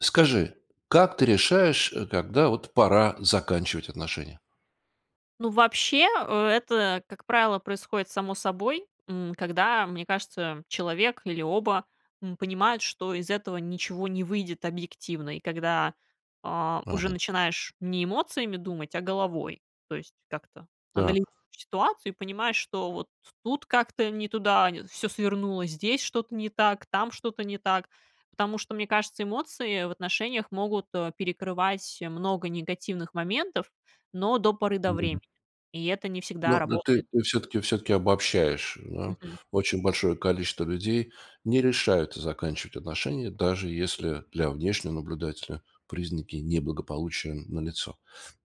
Скажи, как ты решаешь, э, когда вот пора заканчивать отношения? Ну, вообще, это, как правило, происходит само собой, м, когда, мне кажется, человек или оба, м, понимают, что из этого ничего не выйдет объективно и когда, э, уже Мгм. начинаешь не эмоциями думать, а головой. То есть как-то анализируешь Так. ситуацию и понимаешь, что вот тут как-то не туда нь всё свернуло, здесь что-то не так, там что-то не так. Потому что, мне кажется, эмоции в отношениях могут, э, перекрывать много негативных моментов, но до поры до времени, Мгм. и это не всегда Но но ты работает. ты всё-таки всё-таки обобщаешь, да. Мгм. Очень большое количество людей не решаются заканчивать отношения, даже если для внешнего наблюдателя признаки неблагополучия налицо.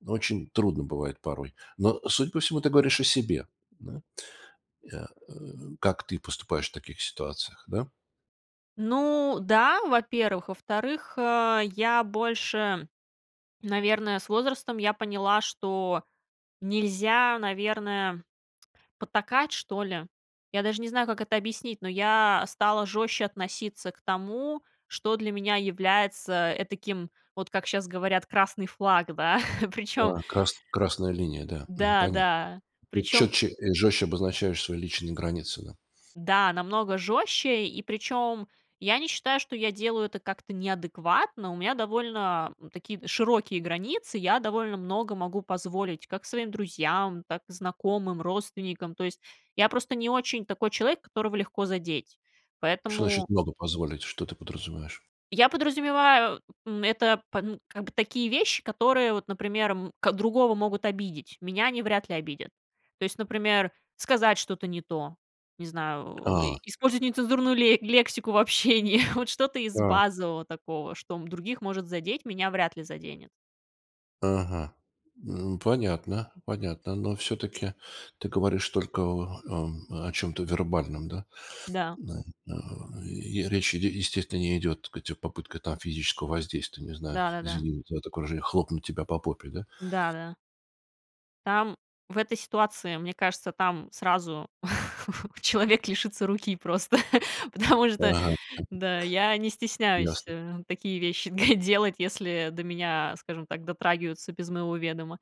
Очень трудно бывает порой. Но, судя по всему, ты говоришь о себе. Да? Э, э, как ты поступаешь в таких ситуациях, да? Ну да, во-первых. Во-вторых, э, я больше, наверное, с возрастом я поняла, что нельзя, наверное, потакать, что ли. Я даже не знаю, как это объяснить, но я стала жестче относиться к тому, что для меня является этаким, вот как щас говорят, красный флаг, да, причем Да. Крас красная линия, да. Мгм, да, понятно. да, Ты причем четче и жестче обозначаешь свои личные границы, да? да, намного жестче, и причем я не считаю, что я делаю это как-то неадекватно. У меня довольно такие д широкие границы, я довольно много могу позволить как своим друзьям, так и знакомым, родственникам. То есть я просто не очень такой человек, которого легко задеть, Что поэтому значит много позволить, что ты подразумеваешь? Я подразумеваю, м, это пан как бы такие вещи, которые вот, например, м, ко другого могут обидеть, меня они вряд ли обидят. То есть, например, сказать что-то не то, не знаю, о, и А! использовать нецензурную ле лексику в общении, вот что-то из Так. базового такого, что м других может задеть, меня вряд ли заденет. Ага. М, понятно, понятно, но всё-таки ты говоришь только о о, м, о чём-то вербальном, да, Да. м, а, и речь ид естественно не идет, так сказать, о попытках там физического воздействия, не знаю, Да-да-да. извини за такое выражение, хлопнуть тебя по попе, да? Да, да. Там в этой ситуации, мне кажется, там сразу человек лишится руки просто, потому что, Ага. да, я не стесняюсь, Ясно. э, такие вещи делать, если до меня, скажем так, дотрагиваются без моего ведома,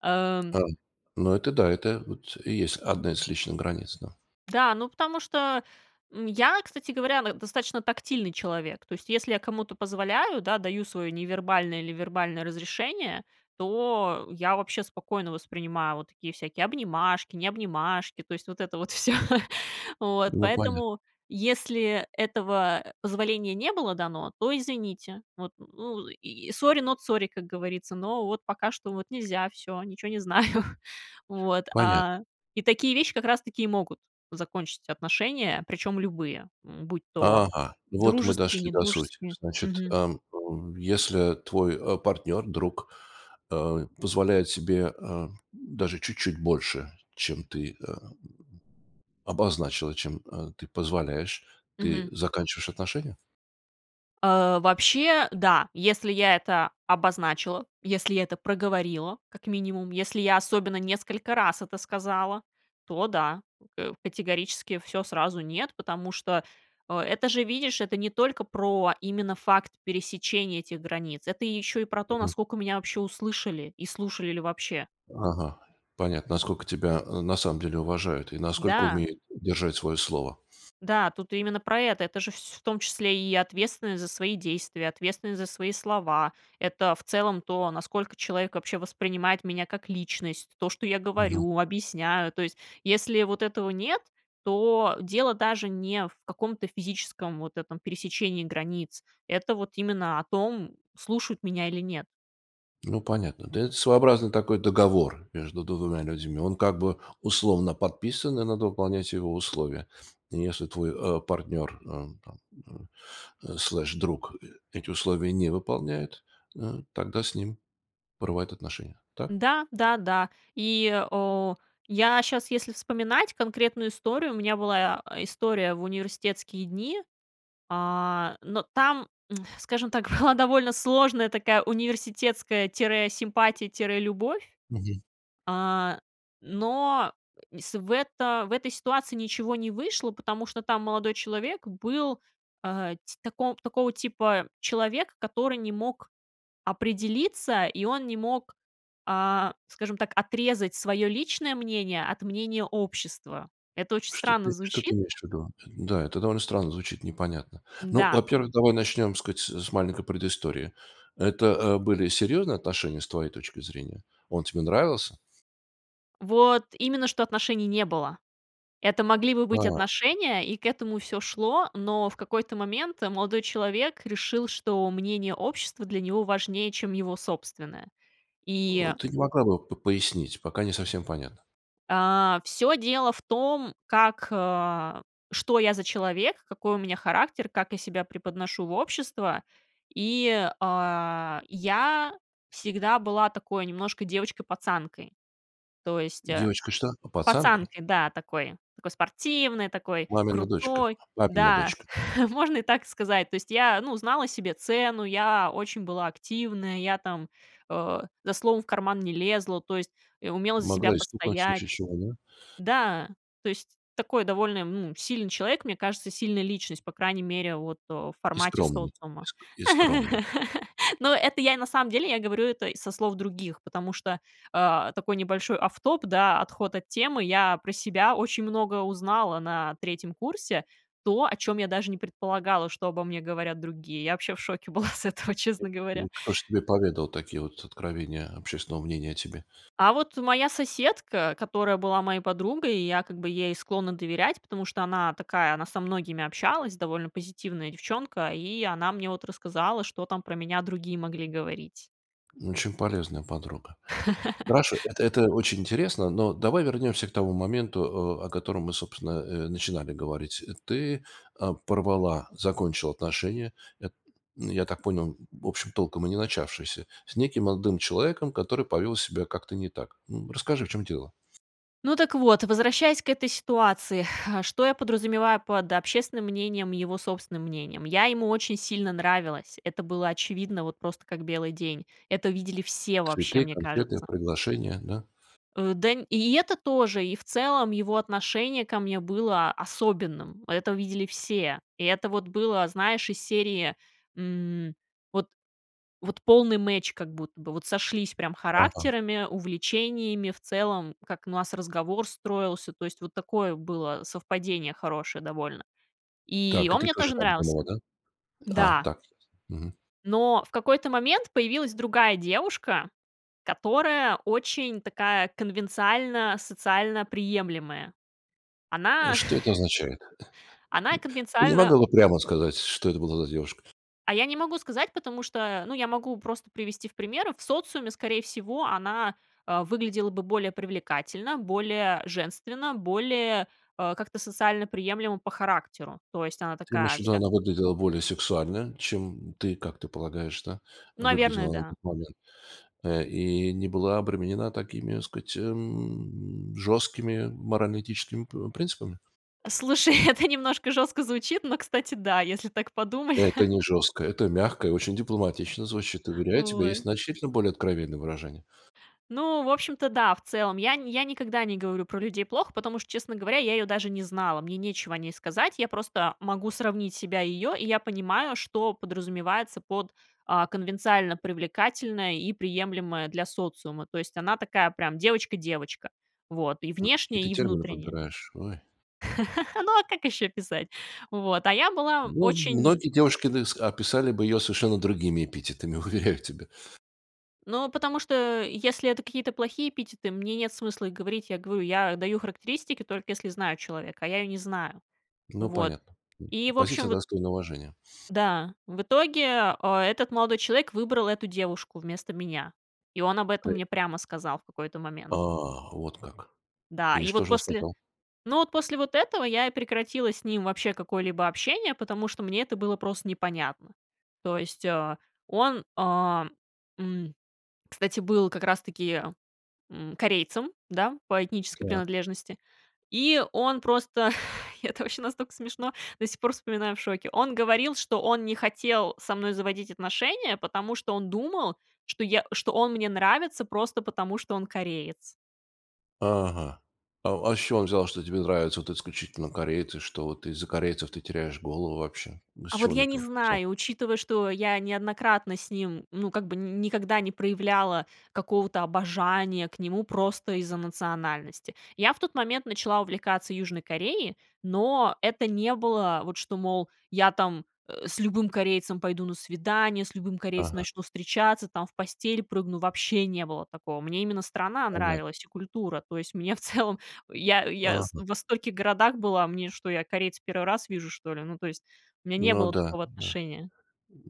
ам Эм, ну это да, это вот и есть одна из личных границ, да. Да, ну потому что, м, я, кстати говоря, н достаточно тактильный человек. То есть если я кому-то позволяю, да, даю свое невербальное или вербальное разрешение, то я вообще спокойно воспринимаю вот такие всякие обнимашки, не обнимашки то есть вот это вот всё. Вот. Ну понятно. Поэтому, если этого позволения не было дано, то извините, вот, ну, и сори, нот сори, как говорится, но вот пока что вот нельзя, всё, ничего не знаю. Вот, Понятно. а, и такие вещи как раз таки и могут закончить отношения, причем любые, м, будь то Ага, вот мы дружеские, дошли не до сути, дружеские, значит, мгм. эм, ув если твой, а, партнер, друг, а, позволяет себе, а, даже чуть-чуть больше, чем ты, а, обозначила, чем, э, ты позволяешь, ты Мгм. заканчиваешь отношения? Э, вообще, да, если я это обозначила, если я это проговорила как минимум, если я особенно несколько раз это сказала, то да, э, категорически всё сразу нет, потому что, э, это же, видишь, это не только про именно факт пересечения этих границ, это еще и про то, Мгм. насколько меня вообще услышали, и слушали ли вообще. Ага, понятно, насколько тебя, э, на самом деле, уважают, и насколько Да. умеют держать свое слово. Да, тут именно про это. Это же вс в том числе и ответственность за свои действия, ответственность за свои слова, это в целом то, насколько человек вообще воспринимает меня как личность, то, что я Мгм. говорю, объясняю. То есть если вот этого нет, то дело даже не в каком-то физическом вот этом пересечении границ, это вот именно о том, слушают меня или нет. Ну, понятно. Да, это своеобразный такой договор между 2 людьми, он как бы условно подписан и надо выполнять его условия. И если твой, э, партнер, э, там, э, слеш, друг э эти условия не выполняет, э, тогда с ним порывают отношения, так? Да, да, да. И, э, я щас, если вспоминать конкретную историю, у меня была, э, история в университетские дни, а, но там, скажем так, была довольно сложная такая университетская тире симпатия, тире любовь, Мгм. э, но и с в это в этой ситуации ничего не вышло, потому что там молодой человек был, э, ти тако такого типа человек, который не мог определиться, и он не мог, а, скажем так, отрезать свое личное мнение от мнения общества. Это очень Что странно ты что ты звучит. имеешь ввиду? Да, это довольно странно звучит, непонятно. Ну, Да. во-первых, давай начнем, так сказать, с маленькой предыстории. Это, э, были серьезные отношения с твоей точки зрения? Он тебе нравился? Вот именно, что отношений не было. Это могли бы быть А. отношения, и к этому всё шло, но в какой-то момент молодой человек решил, что мнение общества для него важнее, чем его собственное, Э, и ты не могла бы п пояснить, пока не совсем понятно. э, всё дело в том, как, э, что я за человек, какой у меня характер, как я себя преподношу в общество, и, э, я всегда была такой немножко девочкой-пацанкой, то есть, а, Девочка что? А, пацанкой? пацанкой, да, такой такой спортивной, такой Мамина дочка. крутой, Папина да, дочка. можно и так сказать, то есть, я, ну, знала себе цену, я очень была активная, я там, э, за словом в карман не лезла, то есть, и умела за себя Могла и стукнуть в постоять. случае чего, да? Да, то есть, такой довольно, ну, сильный человек, мне кажется, сильная личность, по крайней мере, вот, в И формате скромная. И социума. ск и скромная. Но это я, на самом деле, я говорю это й со слов других, потому что, э, такой небольшой off top, да, отход от темы. Я про себя очень много узнала на 3 курсе то, о чем я даже не предполагала, что обо мне говорят другие. Я вообще в шоке была с этого, И честно говоря. и кто ж тебе поведал такие вот откровения общественного мнения о тебе? А вот моя соседка, которая была моей подругой, и я как бы ей склонна доверять, потому что она такая, она со многими общалась, довольно позитивная девчонка. И она мне вот рассказала, что там про меня другие могли говорить. Очень полезная подруга. Хорошо, эт это очень интересно, но давай вернемся к тому моменту, э, о котором мы собственно, э, начинали говорить. Ты, э, порвала, закончила отношения, эт я, м, я так понял, в общем толком и не начавшиеся, с неким молодым человеком, который повел себя как-то не так. М, расскажи в чем дело. Ну так вот, возвращаясь к этой ситуации, что я подразумеваю под общественным мнением, и его собственным мнением, я ему очень сильно нравилась, это было очевидно, вот просто как белый день, это видели все вообще, Цветы, мне конфеты, кажется. приглашения, да? Э, да, и это тоже, и, в целом, его отношение ко мне было особенным, это видели все, и это вот было, знаешь, из серии, м, вот вот полный match как будто бы, вот сошлись прям Ага. характерами, увлечениями, в целом, как у нас разговор строился, то есть вот такое было совпадение хорошее довольно. И Так, и он ты мне тоже тоже так нравился, думала, да? А, да. так. Мгм. Но в какой-то момент появилась другая девушка, которая очень такая, конвенциально-социально приемлемая. Э, Она что это означает? Н она н не конвенциально могла бы прямо сказать, что это была за девушка? А я не могу сказать, потому что, ну я могу просто привести в примеры, в социуме, скорее всего, она, э, выглядела бы более привлекательно, более женственно, более, э, как-то социально приемлемо по характеру. То есть, она Ты имеешь такая ввиду, вся она выглядела более сексуально, чем, м, ты, как ты полагаешь, да, Наверное, выглядела на да. тот момент, э, и не была обременена такими, так сказать, м, жесткими морально-этическими, э, пр принципами? Слушай, это немножко жестко звучит, но, кстати, да, если так подумать. Это не жестко, это мягко и очень дипломатично звучит, уверяю тебя, есть Ой. значительно более откровенные выражения. Ну, в общем-то, да, в целом, я нь я никогда не говорю про людей плохо, потому что, честно говоря, я ее даже не знала, мне нечего о ней сказать. Я просто могу сравнить себя и её, и я понимаю, что подразумевается под, э, "конвенциально привлекательная" и "приемлемая для социума", то есть, она такая прям девочка девочка, вот, и Ой, какие внешне ты и термины внутренне. подбираешь, ой! Ну, а как ещё описать? Вот, а я была Ну, очень многие девушки, так ск описали бы её совершенно другими эпитетами, уверяю тебя. Ну, потому что, а, если это какие-то плохие эпитеты, мне нет смысла их говорить, я говорю, я даю характеристики, только если знаю человека, а я её не знаю. Ну Вот, понятно, м, и, в общем, позиция вот достойная уважения. Да, в итоге, э, этот молодой человек выбрал эту девушку вместо меня, и он об этом Тое мне прямо сказал в какой-то момент. А, вот как. Да, И и что вот же он после сказал? Ну, вот после вот этого я и прекратила с ним вообще какое-либо общение, потому что мне это было просто непонятно. То есть, э, он, э, м, кстати, был как раз таки, м, корейцем, да, по этнической Так. принадлежности, и он просто и это вообще настолько смешно, до сих пор вспоминаю в шоке, он говорил, что он не хотел со мной заводить отношения, потому что он думал, что я что он мне нравится просто потому, что он кореец. Ага. А а с чего он взял, что тебе нравятся вот исключительно корейцы, что вот из-за корейцев ты теряешь голову вообще? Ну с А вот чего он я не это взял? знаю, учитывая, что я неоднократно с ним ну как бы ни никогда не проявляла какого-то обожания к нему просто из-за национальности. Я в тот момент начала увлекаться Южной Кореей, но это не было вот, что, мол, я там, э, с любым корейцем пойду на свидание, с любым корейцем Ага. начну встречаться там, в постель прыгну, вообще не было такого. Мне именно страна Понятно. нравилась и культура, то есть мне, в целом я я с Ага. во стольких городах была, мне что, я корейца первый раз вижу, что ли? Ну, то есть у меня не Ну было да, такого да. отношения.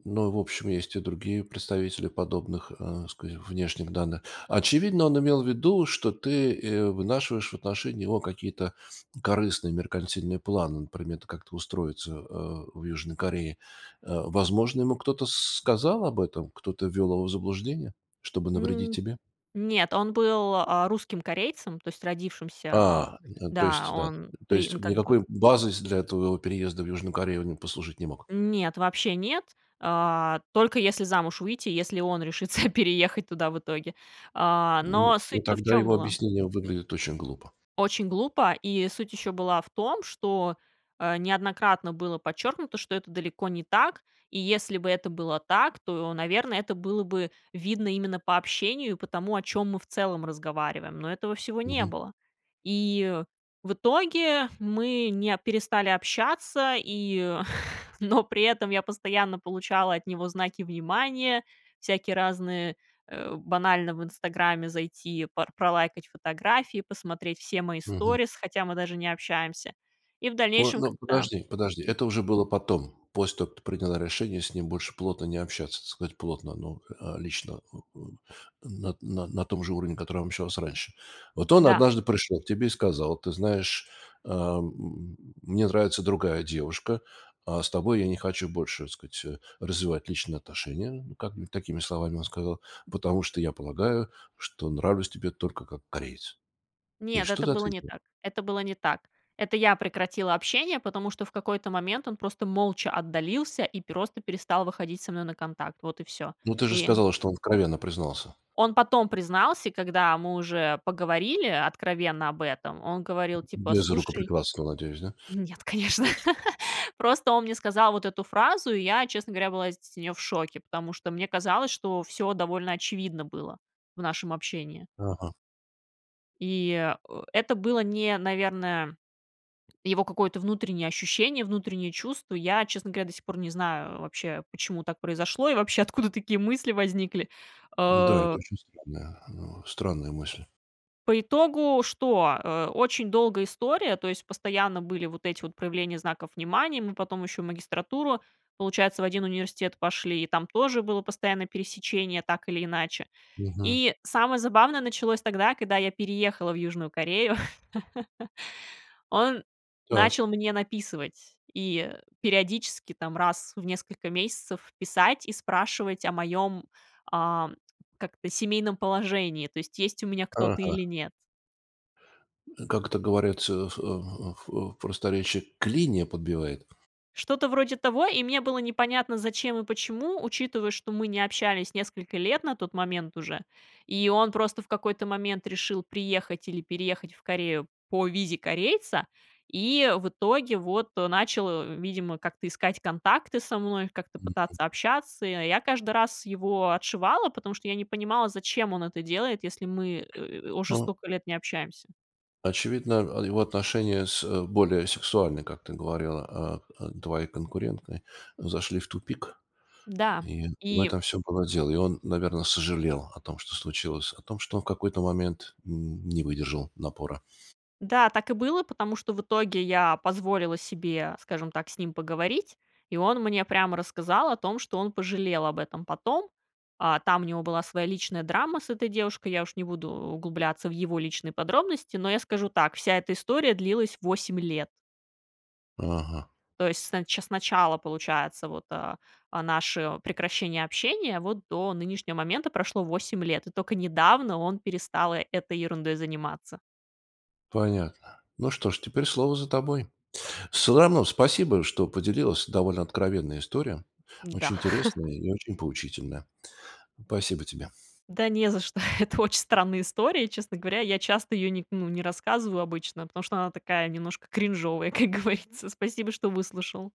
Ну, в общем, есть и другие представители подобных, э, ска внешних данных. Очевидно, он имел в виду, что ты, э, вынашиваешь в отношении него какие-то корыстные меркантильные планы, например, т как-то устроиться, э, в Южной Корее. Э, возможно, ему кто-то с сказал об этом, кто-то ввел его в заблуждение, чтобы навредить М, тебе? нет, он был, э, русским корейцем, то есть родившимся. А, ну, то Да, есть да, он то при он есть как бы никакой базой с для твого переезда в Южную Корею он послужить не мог. Нет, вообще нет, э, только если замуж выйти, если он решится переехать туда в итоге. Э, М, но ну суть-то в тогда чём его была? объяснения выглядят очень глупо. Очень глупо, и суть еще была в том, что, э, неоднократно было подчеркнуто, что это далеко не так. И если бы это было так, то, наверно, это было бы видно именно по общению, и по тому, о чём мы в целом разговариваем. Но этого всего не Мгм. было. И в итоге мы не перестали общаться и Но при этом я постоянно получала от него знаки внимания, всякие разные, э, банально в "Инстаграме" зайти, пор пролайкать фотографии, посмотреть все мои Мгм. сторис, хотя мы даже не общаемся. И в О, дальнейшем, ну, когда, подожди, подожди. м Это уже было потом, после того как ты приняла решение с ним больше плотно не общаться, так сказать, плотно, ну, э, лично о о на на на том же уровне, на котором общалась раньше. Вот он Да. однажды пришел к тебе и сказал: "Ты знаешь, э, м, м, мне нравится другая девушка, а с тобой я не хочу больше, так сказать, э, развивать личные отношения", как бы, такими словами, он сказал: "Потому что я полагаю, что нравлюсь тебе только как кореец". И Нет, что это ты было не ответила? так, это было не так. Это я прекратила общение, потому что в какой-то момент он просто молча отдалился и просто перестал выходить со мной на контакт, вот и всё. Ну ты же И сказала, что он откровенно признался. Он потом признался, когда мы уже поговорили откровенно об этом, он говорил типа: Без "Cлушай" рукоприкладства, надеюсь, да? Нет, конечно. Просто он мне сказал вот эту фразу, и я, честно говоря, была с нее в шоке, потому что мне казалось, что всё довольно очевидно было в нашем общении. Ага. И, э, это было не, наверное, его какое-то внутреннее ощущение, внутреннее чувство. Я, честно говоря, до сих пор не знаю вообще, почему так произошло, и вообще, откуда такие мысли возникли. Да, Э это очень странная э, странная мысль. По итогу что? Э. Очень долгая история, то есть постоянно были вот эти вот проявления знаков внимания, мы потом еще в магистратуру, получается, в 1 университет пошли, и там тоже было постоянно пересечение, так или иначе. Мгм. И самое забавное началось тогда, когда я переехала в Южную Корею. Он Так. начал мне написывать, и периодически там, раз в несколько месяцев, писать и спрашивать о моём, э, как это, семейном положении, то есть есть у меня кто-то или Ага. нет. Как это говорится в, а, в в просторечье: клинья подбивает. Что-то вроде того, и мне было непонятно, зачем и почему, учитывая, что мы не общались несколько лет на тот момент уже, и он просто в какой-то момент решил приехать или переехать в Корею по визе корейца, и, в итоге, вот, э, начал, э, видимо, как-то искать контакты со мной, как-то Мгм. пытаться общаться, и я я каждый раз его отшивала, потому что я не понимала, зачем он это делает, если мы, э, уже О столько лет не общаемся. Очевидно, а, его отношения с более сексуальной, как ты говорила, а, а, твоей конкуренткой, зашли в тупик Да. и в И этом всё было дело и он, наверно, сожалел о том, что случилось, о том, что он в какой-то момент н не выдержал напора. Да, так и было, потому что в итоге я позволила себе, скажем так, с ним поговорить, и он мне прямо рассказал о том, что он пожалел об этом потом. А, там у него была своя личная драма с этой девушкой, я уж не буду углубляться в его личные подробности, но я скажу так: вся эта история длилась 8 лет. Ага. То есть, с нач с начала, получается, вот, э, э, наши о, прекращение общения, вот до нынешнего момента прошло 8 лет, и тока недавно он перестал э этой ерундой заниматься. Понятно. Ну что ж, теперь слово за тобой. Всё равно спасибо, что поделилась, довольно откровенная история, Да. очень интересная и очень поучительна. Пасибо тебе. Да не за что. Это очень странная история, честно говоря, я часто ее не ну, не рассказываю обычно, потому что она такая немножко кринжовая, как говорится. Спасибо, что выслушал.